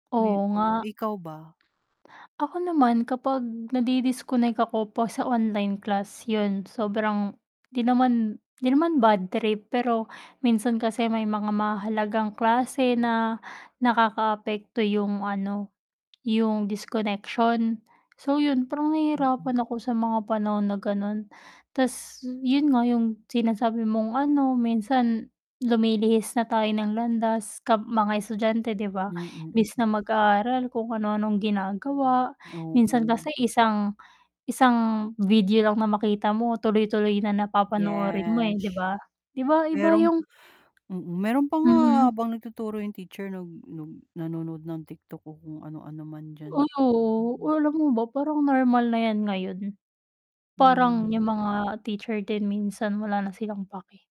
Oo nga. [unintelligible] Ikaw ba? Ako naman kapag nadi-disconnect ako 'pag sa online class, yun sobrang 'di naman 'di naman bad trip, pero minsan kasi may mga mahahalagang klase na nakakaapekto yung ano, yung disconnection. So, yun parang Mm. nahihirapan ako sa mga panahon na ganon, tas yun nga yung sinasabi mong ano minsan lumilihis na tayo ng landas kam mga estudyante 'di ba. Mm, Imbis mm. na mag-aral kung ano-anong ginagawa, minsan Oo. kasi isang isang video lang na makita mo tuloy-tuloy na na papanoorin mo Yes. eh, 'di ba? 'Di ba iba Meron, yung mm, meron pa nga Mhm. habang nagtuturo yung teacher nag nag nanonood ng TikTok o kung ano-ano man diyan. Oo, Mm. alam mo ba parang normal na yan ngayon. Parang Hmm. yung mga teacher din minsan wala na silang pake.